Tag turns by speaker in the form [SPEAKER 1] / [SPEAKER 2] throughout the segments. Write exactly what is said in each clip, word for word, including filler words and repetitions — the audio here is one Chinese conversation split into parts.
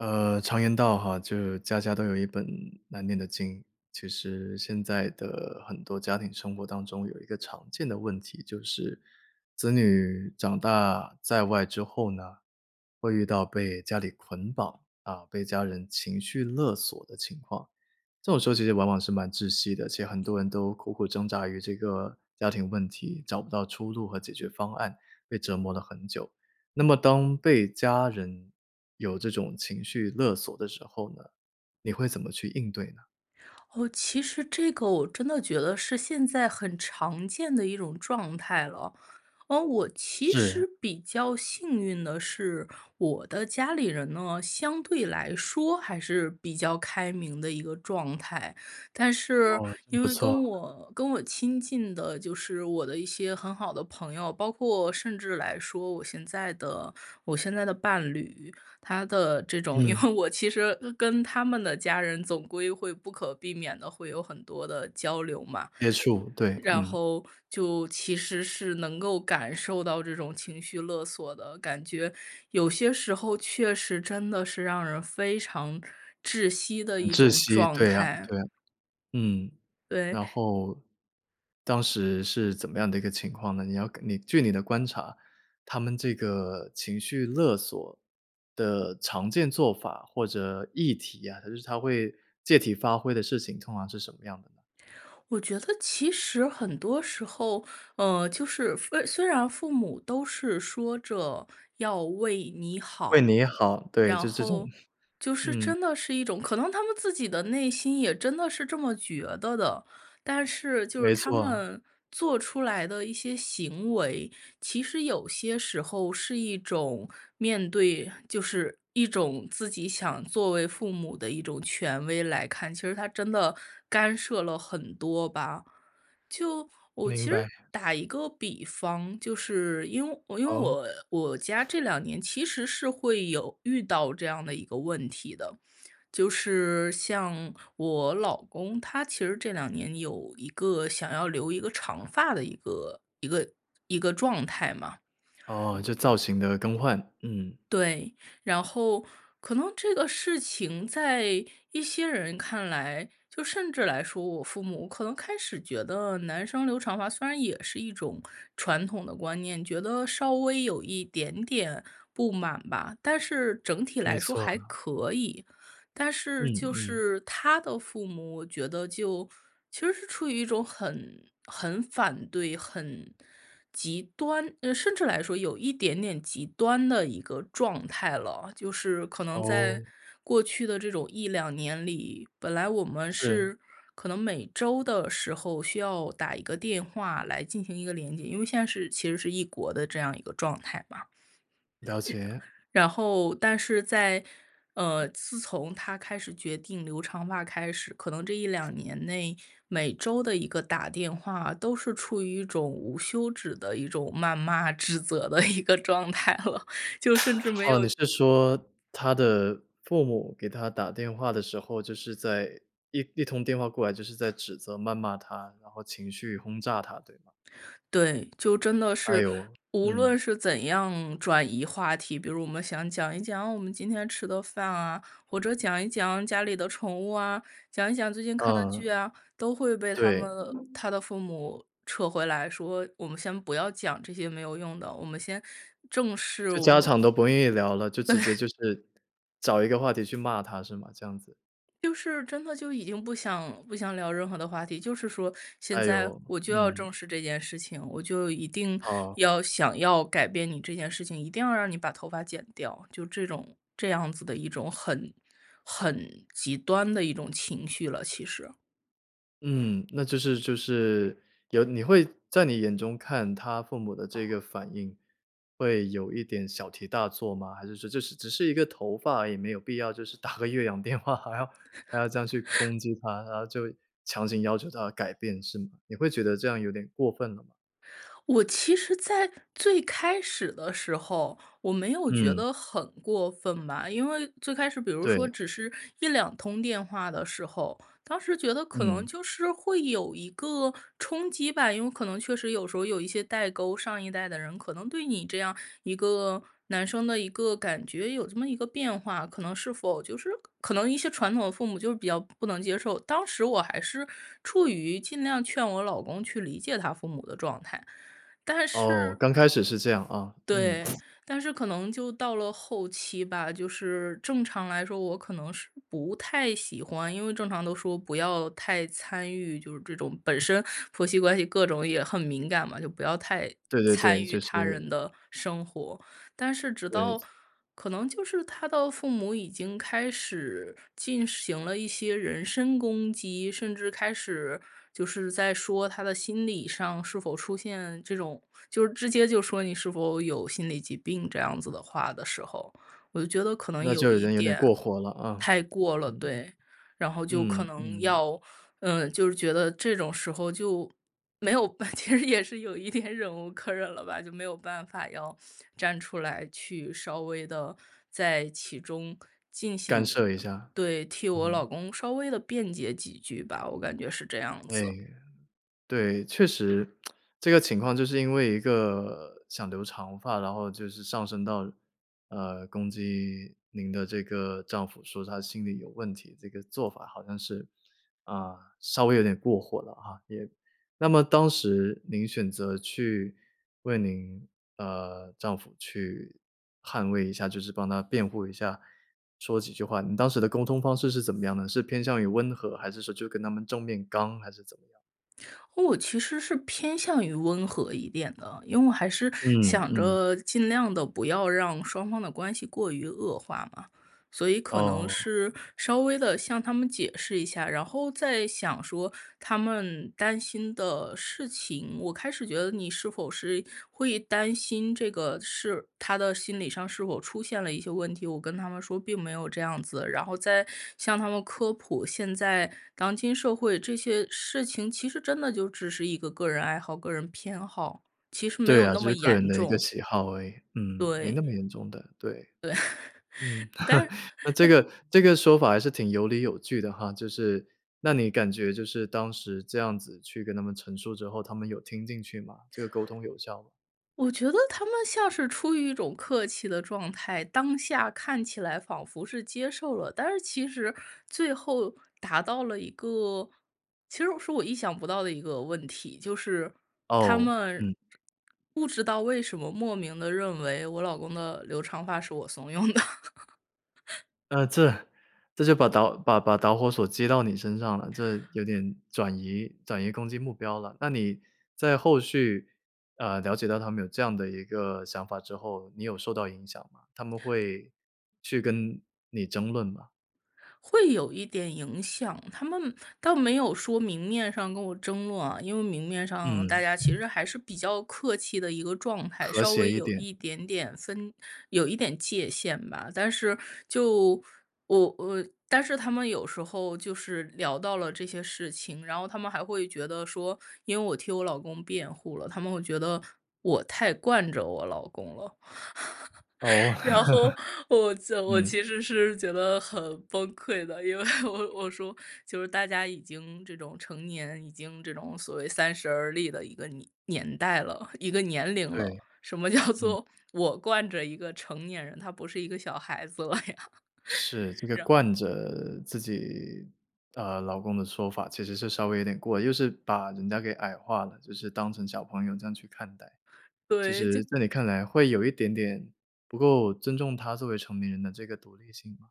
[SPEAKER 1] 呃，常言道哈，就是家家都有一本难念的经。其实现在的很多家庭生活当中有一个常见的问题，就是子女长大在外之后呢，会遇到被家里捆绑，啊，被家人情绪勒索的情况。这种时候其实往往是蛮窒息的，其实很多人都苦苦挣扎于这个家庭问题，找不到出路和解决方案，被折磨了很久。那么当被家人有这种情绪勒索的时候呢，你会怎么去应对呢？
[SPEAKER 2] 哦，其实这个我真的觉得是现在很常见的一种状态了。嗯，我其
[SPEAKER 1] 是。
[SPEAKER 2] 实比较幸运的是我的家里人呢，相对来说还是比较开明的一个状态。但是
[SPEAKER 1] 哦，真
[SPEAKER 2] 因
[SPEAKER 1] 不
[SPEAKER 2] 为
[SPEAKER 1] 错。
[SPEAKER 2] 跟我跟我亲近的，就是我的一些很好的朋友，包括甚至来说我现在的我现在的伴侣，他的这种因
[SPEAKER 1] 嗯。
[SPEAKER 2] 为我其实跟他们的家人总归会不可避免地会有很多的交流嘛。
[SPEAKER 1] 接触。对，
[SPEAKER 2] 然
[SPEAKER 1] 嗯。
[SPEAKER 2] 后就其实是能够感受到这种情绪勒索的，感觉有些时候确实真的是让人非常窒息的
[SPEAKER 1] 很
[SPEAKER 2] 一
[SPEAKER 1] 窒
[SPEAKER 2] 种
[SPEAKER 1] 息，
[SPEAKER 2] 状
[SPEAKER 1] 对呀，
[SPEAKER 2] 态。
[SPEAKER 1] 对呀。嗯，
[SPEAKER 2] 对。
[SPEAKER 1] 然后当时是怎么样的一个情况呢？你要根你据你的观察，他们这个情绪勒索的常见做法或者议题啊，他就是他会借题发挥的事情通常是什么样的呢？
[SPEAKER 2] 我觉得其实很多时候，呃，就是父呃，虽然父母都是说着要为你
[SPEAKER 1] 为
[SPEAKER 2] 好，
[SPEAKER 1] 你好，对。
[SPEAKER 2] 然
[SPEAKER 1] 就这种，
[SPEAKER 2] 后 就是
[SPEAKER 1] 嗯。
[SPEAKER 2] 真的是一种可能他们自己的内心也真的是这么觉得的。但是就是
[SPEAKER 1] 没
[SPEAKER 2] 他
[SPEAKER 1] 错。
[SPEAKER 2] 们做出来的一些行为，其实有些时候是一种面对就是一种自己想作为父母的一种权威来看，其实他真的干涉了很多吧。就我
[SPEAKER 1] 明
[SPEAKER 2] 其实
[SPEAKER 1] 白。
[SPEAKER 2] 打一个比方，就是因因为
[SPEAKER 1] 哦？
[SPEAKER 2] 我我家这两年其实是会有遇到这样的一个问题的。就是像我老公，他其实这两年有一个想要留一个长发的一个一个一个状态嘛。
[SPEAKER 1] 哦，就造型的更换。嗯。
[SPEAKER 2] 对，然后可能这个事情在一些人看来就甚至来说我父母可能开始觉得男生留长发虽然也是一种传统的观念，觉得稍微有一点点不满吧，但是整体
[SPEAKER 1] 没
[SPEAKER 2] 来说还
[SPEAKER 1] 错。
[SPEAKER 2] 可以。但是
[SPEAKER 1] 嗯
[SPEAKER 2] 就
[SPEAKER 1] 嗯。
[SPEAKER 2] 是他的父母，我觉得就其实是处于一种很很反对，很极端嗯，甚至来说有一点点极端的一个状态了。就是可能在
[SPEAKER 1] 哦。
[SPEAKER 2] 过去的这种一两年里，本来我们
[SPEAKER 1] 是。
[SPEAKER 2] 是可能每周的时候，需要打一个电话来进行一个连接。因为现在是其实是异国的这样一个状态嘛。日
[SPEAKER 1] 了解。
[SPEAKER 2] 然后但是在呃，自从他开始决定留长发开始，可能这一两年内，每周的一个打电话都是处于一种无休止的一种谩骂指责的一个状态了，就甚至没
[SPEAKER 1] 哦，
[SPEAKER 2] 有
[SPEAKER 1] 你是说他的父母给他打电话的时候，就是在一一通电话过来就是在指责谩骂他，然后情绪轰炸他，对吗？
[SPEAKER 2] 对。就真的
[SPEAKER 1] 哎
[SPEAKER 2] 是
[SPEAKER 1] 呦，
[SPEAKER 2] 无
[SPEAKER 1] 嗯。
[SPEAKER 2] 论是怎样转移话题，比如我们想讲一讲我们今天吃的饭啊，或者讲一讲家里的宠物啊，讲一讲最近看的
[SPEAKER 1] 嗯。
[SPEAKER 2] 剧啊，都会被他
[SPEAKER 1] 对。
[SPEAKER 2] 们的他的父母撤回来说“我们先不要讲这些没有用的，我们先正视，
[SPEAKER 1] 就
[SPEAKER 2] 我
[SPEAKER 1] 家
[SPEAKER 2] 们”
[SPEAKER 1] 长都不愿意聊了，就直接就 是找一个话题去骂他，是吗？这样子。
[SPEAKER 2] 就是真的就已经不想不想聊任何的话题，就是说现
[SPEAKER 1] 哎
[SPEAKER 2] 在
[SPEAKER 1] 呦，
[SPEAKER 2] 我就要
[SPEAKER 1] 嗯。
[SPEAKER 2] 正视这件事情。我就一定
[SPEAKER 1] 好。
[SPEAKER 2] 要想要改变你这件事情，一定要让你把头发剪掉，就这种这样子的一种很很极端的一种情绪了，其实。
[SPEAKER 1] 嗯，那就是就是有你会在你眼中看他父母的这个反应，会有一点小题大做吗？还是说这是只是一个头发而已没有必要就是打个越洋电话还要还要这样去 攻击他，然后就强行要求他改变是吗？你会觉得这样有点过分了吗？
[SPEAKER 2] 我其实在最开始的时候我没有觉
[SPEAKER 1] 嗯。
[SPEAKER 2] 得很过分吧。因为最开始比如说
[SPEAKER 1] 对。
[SPEAKER 2] 只是一两通电话的时候，当时觉得可能
[SPEAKER 1] 嗯。
[SPEAKER 2] 就是会有一个冲击吧。因为可能确实有时候有一些代沟，上一代的人，可能对你这样一个男生的一个感觉有这么一个变化，可能是否就是可能一些传统的父母就是比较不能接受。当时我还是处于尽量劝我老公去理解他父母的状态。但
[SPEAKER 1] 哦，
[SPEAKER 2] 是
[SPEAKER 1] 刚开始是这样啊，嗯。
[SPEAKER 2] 对，但是可能就到了后期吧，就是正常来说，我可能是不太喜欢因为正常都说不要太参与，就是这种本身婆媳关系各种也很敏感嘛，就不要太
[SPEAKER 1] 对对
[SPEAKER 2] 参
[SPEAKER 1] 对，
[SPEAKER 2] 与
[SPEAKER 1] 就
[SPEAKER 2] 他人
[SPEAKER 1] 是
[SPEAKER 2] 的生活。但是直到
[SPEAKER 1] 对。
[SPEAKER 2] 可能就是他的父母已经开始进行了一些人身攻击，甚至开始就是在说他的心理上是否出现这种就直接就说你是否有心理疾病这样子的话的时候，我就觉得可能
[SPEAKER 1] 那
[SPEAKER 2] 有
[SPEAKER 1] 就已
[SPEAKER 2] 一
[SPEAKER 1] 经有点
[SPEAKER 2] 点
[SPEAKER 1] 过火了，啊，
[SPEAKER 2] 太过了。
[SPEAKER 1] 嗯。
[SPEAKER 2] 对，然后就可
[SPEAKER 1] 嗯
[SPEAKER 2] 能
[SPEAKER 1] 嗯。
[SPEAKER 2] 要，嗯，就是觉得这种时候就没有，其实也是有一点忍无可忍了吧，就没有办法要站出来去稍微地在其中进
[SPEAKER 1] 干
[SPEAKER 2] 行
[SPEAKER 1] 涉一下，
[SPEAKER 2] 对，替我老
[SPEAKER 1] 嗯。
[SPEAKER 2] 公稍微地辩解几句吧，我感觉是这样
[SPEAKER 1] 哎。
[SPEAKER 2] 子。
[SPEAKER 1] 对，确实这个情况就是因为一个想留长发，然后就是上升到，呃，攻击您的这个丈夫说他心理有问题，这个做法好像是，啊，稍微有点过火了啊。也那么当时您选择去为您，呃，丈夫去捍卫一下，就是帮他辩护一下说几句话，您当时的沟通方式是怎么样呢？是偏向于温和，还是说就跟他们正面刚还是怎么样？
[SPEAKER 2] 我其实是偏向于温和一点的，因为还是
[SPEAKER 1] 嗯，
[SPEAKER 2] 想
[SPEAKER 1] 嗯。
[SPEAKER 2] 着尽量地不要让双方的关系过于恶化嘛。所以可能
[SPEAKER 1] 哦。
[SPEAKER 2] 是稍微地向他们解释一下，然后再想说他们担心的事情，我开始觉得你是否是会担心这个是他的心理上是否出现了一些问题，我跟他们说并没有这样子，然后再向他们科普，现在当今社会这些事情其实真的就只是一个个人爱好、个人偏好，其实没
[SPEAKER 1] 对
[SPEAKER 2] 有
[SPEAKER 1] 啊，
[SPEAKER 2] 那
[SPEAKER 1] 就
[SPEAKER 2] 么
[SPEAKER 1] 是个人
[SPEAKER 2] 严
[SPEAKER 1] 的一个
[SPEAKER 2] 重。
[SPEAKER 1] 喜好而已，嗯，没那
[SPEAKER 2] 对。
[SPEAKER 1] 么严重的，对。
[SPEAKER 2] 对，
[SPEAKER 1] 嗯，
[SPEAKER 2] 但是
[SPEAKER 1] 那这
[SPEAKER 2] 但是
[SPEAKER 1] 个这个说法还是挺有理有据的哈，就是那你感觉就是当时这样子去跟他们陈述之后，他们有听进去吗？这个沟通有效吗？
[SPEAKER 2] 我觉得他们像是出于一种客气的状态，当下看起来仿佛是接受了，但是其实最后达到了一个其实是我意想不到的一个问题，就是他
[SPEAKER 1] 哦，
[SPEAKER 2] 们，
[SPEAKER 1] 嗯。
[SPEAKER 2] 这不知道为什么莫名地认为我老公的留长发是我怂恿的。
[SPEAKER 1] 呃，这，这就把导把把导火索接到你身上了，这有点转移转移攻击目标了。那你在后续，呃，了解到他们有这样的一个想法之后，你有受到影响吗？他们会去跟你争论吗？
[SPEAKER 2] 会有一点影响，他们倒没有说明面上跟我争论啊，因为明面上大
[SPEAKER 1] 嗯。
[SPEAKER 2] 家其实还是比较客气的一个状态，
[SPEAKER 1] 和
[SPEAKER 2] 稍
[SPEAKER 1] 谐
[SPEAKER 2] 微
[SPEAKER 1] 一
[SPEAKER 2] 有
[SPEAKER 1] 点。
[SPEAKER 2] 一点点分有一点界限吧。但是就我我但是他们有时候就是聊到了这些事情，然后他们还会觉得说，因为我替我老公辩护了，他们会觉得我太惯着我老公了。
[SPEAKER 1] 哦。
[SPEAKER 2] 然后，我就我
[SPEAKER 1] 嗯。
[SPEAKER 2] 其实是觉得很崩溃的，因为我我说就是大家已经这种成年，已经这种所谓三十而立的一个年年代了，一个年龄
[SPEAKER 1] 对，
[SPEAKER 2] 了，什么叫
[SPEAKER 1] 嗯。
[SPEAKER 2] 做我惯着一个成年人，他不是一个小孩子了呀。
[SPEAKER 1] 是，这个
[SPEAKER 2] 然
[SPEAKER 1] 惯着自己，呃，老公的说法其实是稍微有点过了，就是把人家给矮化了，就是当成小朋友这样去看待。其
[SPEAKER 2] 对，就
[SPEAKER 1] 实在你看来会有一点点不够尊重他作为成年人的这个独立性吧。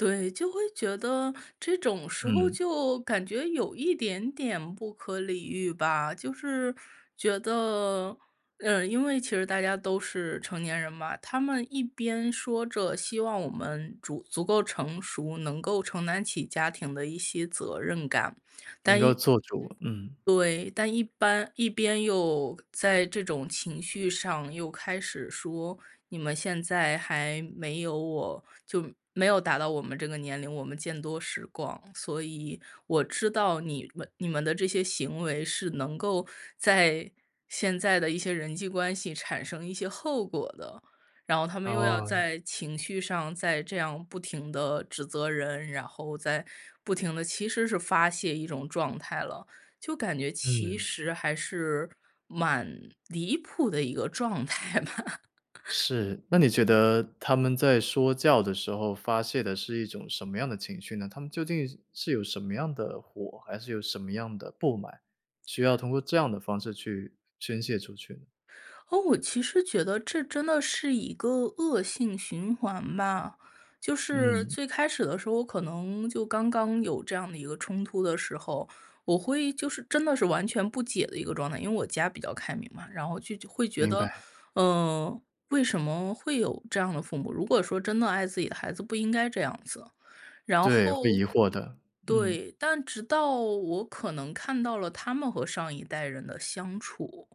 [SPEAKER 2] 对，就会觉得这种时候
[SPEAKER 1] 嗯。
[SPEAKER 2] 就感觉有一点点不可理喻吧。就是觉得嗯，因为其实大家都是成年人嘛，他们一边说着希望我们竹足够成熟，能够承担起家庭的一些责任感。
[SPEAKER 1] 能
[SPEAKER 2] 但
[SPEAKER 1] 够
[SPEAKER 2] 一
[SPEAKER 1] 做主，嗯。
[SPEAKER 2] 对，但一般一边又在这种情绪上又开始说：“你们现在还没有我就没有达到我们这个年龄，我们见多识广，所以我知道你们你们的这些行为是能够在现在的一些人际关系产生一些后果的。”然后他们又要
[SPEAKER 1] 哦。
[SPEAKER 2] 在情绪上再这样不停地指责人，然后再不停地其实是发泄一种状态了，就感觉其
[SPEAKER 1] 嗯。
[SPEAKER 2] 实还是蛮离谱的一个状态吧。
[SPEAKER 1] 是，那你觉得他们在说教的时候发泄的是一种什么样的情绪呢？他们究竟是有什么样的火，还是有什么样的不满，需要通过这样的方式去宣泄出去？
[SPEAKER 2] 哦，我其实觉得这真的是一个恶性循环吧。就是
[SPEAKER 1] 嗯。
[SPEAKER 2] 最开始的时候，我可能就刚刚有这样的一个冲突的时候，我会就是真的是完全不解的一个状态，因为我家比较开明嘛。然后就会觉
[SPEAKER 1] 明
[SPEAKER 2] 得，
[SPEAKER 1] 白。
[SPEAKER 2] 呃，为什么会有这样的父母？如果说真的爱自己的孩子不应该这样子。然
[SPEAKER 1] 对，会
[SPEAKER 2] 后
[SPEAKER 1] 疑惑的，嗯。
[SPEAKER 2] 对，但直到我可能看到了他们和上一代人的相处，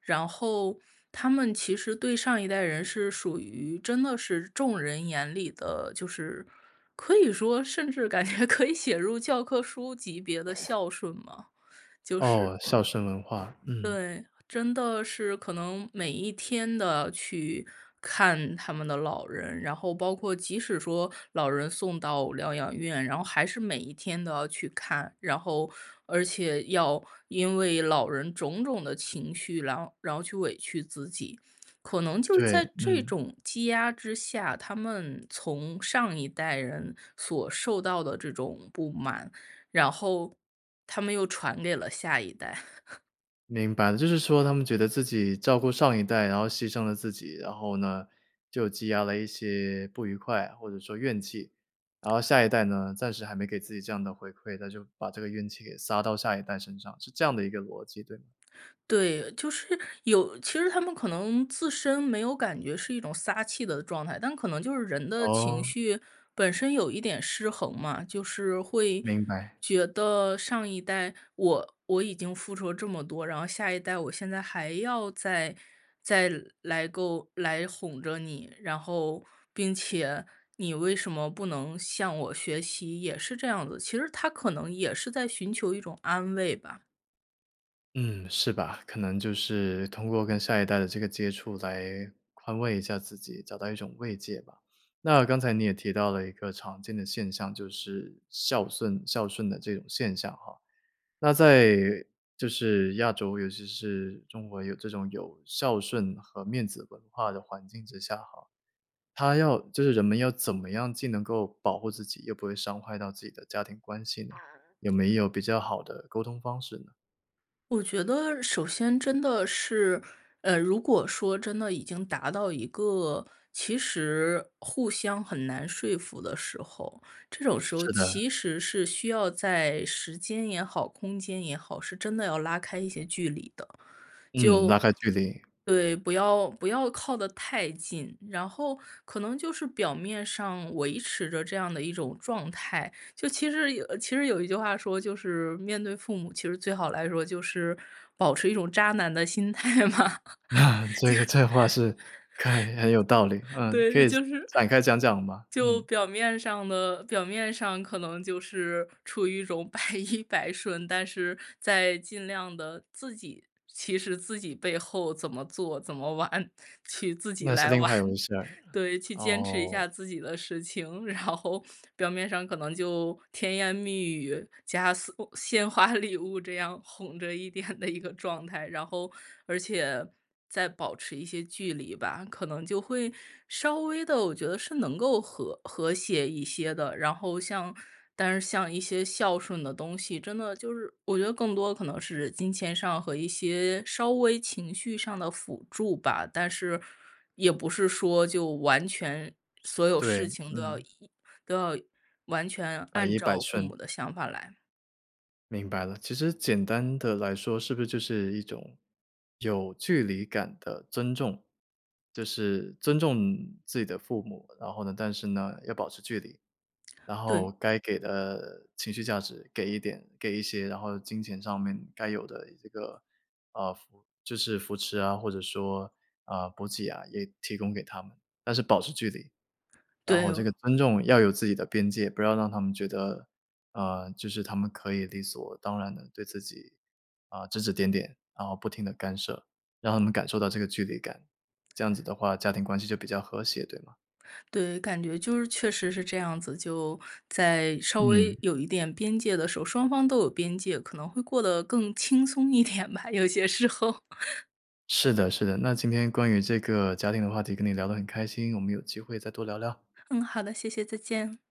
[SPEAKER 2] 然后他们其实对上一代人是属于真的是众人眼里的就是可以说甚至感觉可以写入教科书级别的 孝顺嘛，就是
[SPEAKER 1] 哦，孝顺文化，嗯。
[SPEAKER 2] 对，真的是，可能每一天都去看他们的老人，然后包括即使说老人送到疗养院，然后还是每一天都要去看。然后而且要因为老人种种的情绪，然然后去委屈自己。可能就是
[SPEAKER 1] 对，
[SPEAKER 2] 在这
[SPEAKER 1] 嗯。
[SPEAKER 2] 种积压之下，他们从上一代人所受到的这种不满，然后他们又传给了下一代。
[SPEAKER 1] 明白，就是说他们觉得自己照顾上一代，然后牺牲了自己，然后呢，就积压了一些不愉快，或者说怨气。然后下一代呢，暂时还没给自己这样的回馈，他就把这个怨气给撒到下一代身上，是这样的一个逻辑，对吗？
[SPEAKER 2] 对，就是有其实他们可能自身没有感觉是一种撒气的状态，但可能就是人的情
[SPEAKER 1] 哦。
[SPEAKER 2] 绪本身有一点失衡嘛。就是会
[SPEAKER 1] 明白。
[SPEAKER 2] 觉得上一代我我已经付出了这么多，然后下一代我现在还要再再来够来哄着你，然后并且你为什么不能向我学习，也是这样子，其实他可能也是在寻求一种安慰吧。
[SPEAKER 1] 嗯，是吧，可能就是通过跟下一代的这个接触来宽慰一下自己，找到一种慰藉吧。那刚才你也提到了一个常见的现象，就是孝巽孝顺的这种现象哈，那在就是亚洲，尤其是中国有这种有孝顺和面子文化的环境之下哈，他要就是人们要怎么样既能够保护自己，又不会伤害到自己的家庭关系呢？
[SPEAKER 2] 啊。
[SPEAKER 1] 有没有比较好的沟通方式呢？
[SPEAKER 2] 我觉得首先真的是，呃，如果说真的已经达到一个其实互相很难说服的时候，这种时候
[SPEAKER 1] 是的。
[SPEAKER 2] 其实是需要在时间也好、空间也好，是真的要拉开一些距离的，
[SPEAKER 1] 嗯，拉
[SPEAKER 2] 就
[SPEAKER 1] 开距离。
[SPEAKER 2] 对，不要不要靠得太近。然后可能就是表面上维持着这样的一种状态，就其实有其实有一句话说，就是面对父母，其实最好来说就是保持一种渣男的心态嘛。
[SPEAKER 1] 这个这话是开很有道理，
[SPEAKER 2] 就
[SPEAKER 1] 嗯，可
[SPEAKER 2] 对，
[SPEAKER 1] 以
[SPEAKER 2] 就是
[SPEAKER 1] 展开讲讲吗？
[SPEAKER 2] 就
[SPEAKER 1] 嗯。
[SPEAKER 2] 表面上的表面上可能就是处于一种百依百顺。但是在尽量地自己其实自己背后怎么做，怎么玩，去自己
[SPEAKER 1] 那是
[SPEAKER 2] 来
[SPEAKER 1] 另
[SPEAKER 2] 玩。
[SPEAKER 1] 外一回事儿，
[SPEAKER 2] 对，去坚持一
[SPEAKER 1] 哦。
[SPEAKER 2] 下自己的事情。然后表面上可能就甜言蜜语，加鲜鲜花礼物这样哄着一点的一个状态。然后而且再保持一些距离吧，可能就会稍微地，我觉得是能够和和谐一些的。然后像但是像一些孝顺的东西，真的就是我觉得更多可能是金钱上，和一些稍微情绪上的辅助吧。但是也不是说就完全所有
[SPEAKER 1] 对，
[SPEAKER 2] 事情都要
[SPEAKER 1] 嗯。
[SPEAKER 2] 以都要完全
[SPEAKER 1] 百
[SPEAKER 2] 按
[SPEAKER 1] 依百
[SPEAKER 2] 照父
[SPEAKER 1] 顺。
[SPEAKER 2] 母的想法来。
[SPEAKER 1] 明白了，其实简单地来说是不是就是一种有距离感的尊重。就是尊重自己的父母，然后呢但是呢，要保持距离。然后
[SPEAKER 2] 对。
[SPEAKER 1] 该给的情绪价值给一点给一些，然后金钱上面该有的这个，呃，扶就是扶持啊，或者说，啊，补给啊也提供给他们，但是保持距离。然
[SPEAKER 2] 对
[SPEAKER 1] 后这个
[SPEAKER 2] 哦。
[SPEAKER 1] 尊重要有自己的边界，不要让他们觉得，呃，就是他们可以理所当然地对自己，啊，指指点点，然后不停地干涉。让他们感受到这个距离感，这样子的话，家庭关系就比较和谐，对吗？
[SPEAKER 2] 对，感觉就是确实是这样子，就在稍微
[SPEAKER 1] 嗯。
[SPEAKER 2] 有一点边界的时候，双方都有边界，可能会过得更轻松一点吧，有些时候。
[SPEAKER 1] 是的是的，那今天关于这个家庭的话题跟你聊得很开心，我们有机会再多聊聊。
[SPEAKER 2] 嗯，好的，谢谢，再见。